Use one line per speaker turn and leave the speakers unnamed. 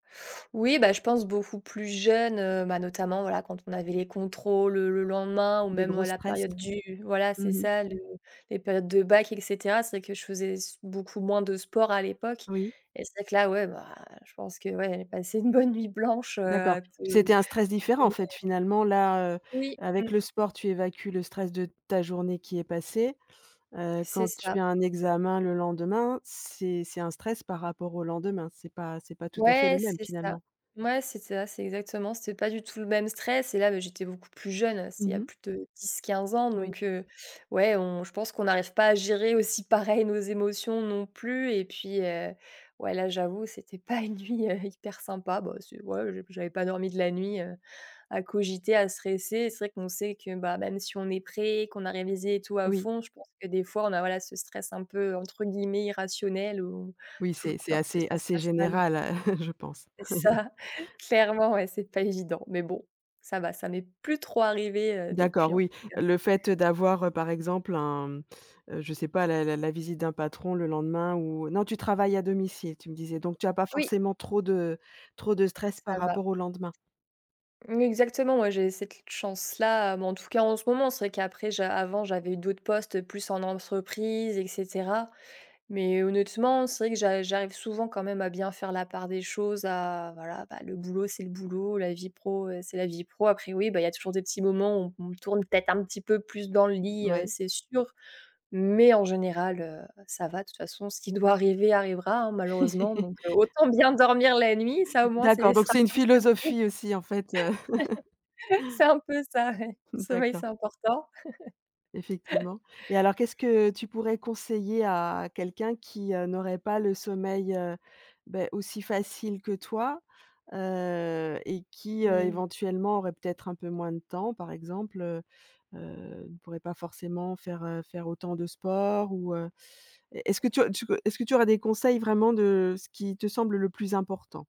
Oui, bah, je pense beaucoup plus jeune, heu, bah, notamment, voilà, quand on avait les contrôles, heu, le lendemain ou
Des
même
gros
à la
stress?
période du voilà,
Mmh
c'est
mh.
ça le les périodes de bac, et cetera. C'est vrai que je faisais s beaucoup moins de sport à l'époque
Oui.
et c'est vrai que là, ouais, bah, je pense que, ouais, passer une bonne nuit blanche, heu,
D'accord,
à te, heu,
c'était un stress différent, en
oui.
fait, finalement, là, heu,
Oui,
avec
mmh.
le sport, tu évacues le stress de ta journée qui est passée, heu,
C'est
quand tu
ça.
as un examen le lendemain, c'est c'est un stress par rapport au lendemain, c'est pas c'est pas tout à fait le
Ouais,
même,
c'est ça.
finalement?
Mouais, c'est ça, c'est exactement, c'était pas du tout le même stress et là, bah, j'étais beaucoup plus jeune, c'était il y
Mmh
a
mh.
plus de 10-15 ans,
Oui.
donc heu, ouais, on je pense qu'on n'arrive pas à gérer aussi pareil nos émotions, non plus et puis, heu, ouais, là, j'avoue, c'était pas une nuit, heu, hyper sympa, bah, c'est ouais, j'ai j'avais pas dormi de la nuit, heu, à cogiter, à stresser et c'est vrai qu'on sait que, bah, même si on est prêt, qu'on a révisé et tout à
Oui.
fond, je pense que des fois, on a, voilà, ce stress un peu, entre guillemets «irrationnel» ou
Oui,
toujours
c'est c'est
peur que
assez
ça se
assez
passe mal.
général, heu, je pense.
C'est ça! Clairement, ouais, c'est pas évident mais bon, ça va, ça m'est plus trop arrivé, heu,
D'accord,
depuis, en tout
oui,
cas.
le fait d'avoir, heu, par exemple, un, mmh, heu, je sais pas la la la visite d'un patron le lendemain ou non, tu travailles à domicile tu me disais, donc tu as pas
Oui.
forcément trop de trop de stress par
Ça va.
rapport au lendemain?
Oui, exactement, moi, j'ai cette chance-là, mais en tout cas, en ce moment, c'est vrai qu'après j'a avant, j'avais d'autres postes plus en entreprise et cetera mais honnêtement, c'est vrai que j'a j'arrive souvent quand même à bien faire la part des choses, à voilà, bah, le boulot, c'est le boulot, la vie pro, heu, c'est la vie pro. Après oui, bah, il y a toujours des petits moments où on tourne peut-être un petit peu plus dans le lit, heu,
Ouais.
c'est sûr, mais en général, heu, ça va, de toute façon, ce qui doit arriver arrivera, hein, malheureusement, donc heu, autant bien dormir la nuit, ça au moins, c'est
D'accord, donc
[unintelligible]
c'est une philosophie aussi, en fait, heu.
c'est un peu ça, ouais. Le sommeil, c'est
D'accord.
important.
Effectivement et alors qu'est-ce que tu pourrais conseiller à quelqu'un qui, heu, n'aurait pas le sommeil, heu, beh, aussi facile que toi? Heu, et qui, heu,
Mmh.
éventuellement, aurait peut-être un peu moins de temps par exemple, heu heu, ne pourrait pas forcément faire, heu, faire autant de sport ou heu, est-ce que tu as tu au est-ce que tu aurais des conseils vraiment de ce qui te semble le plus important?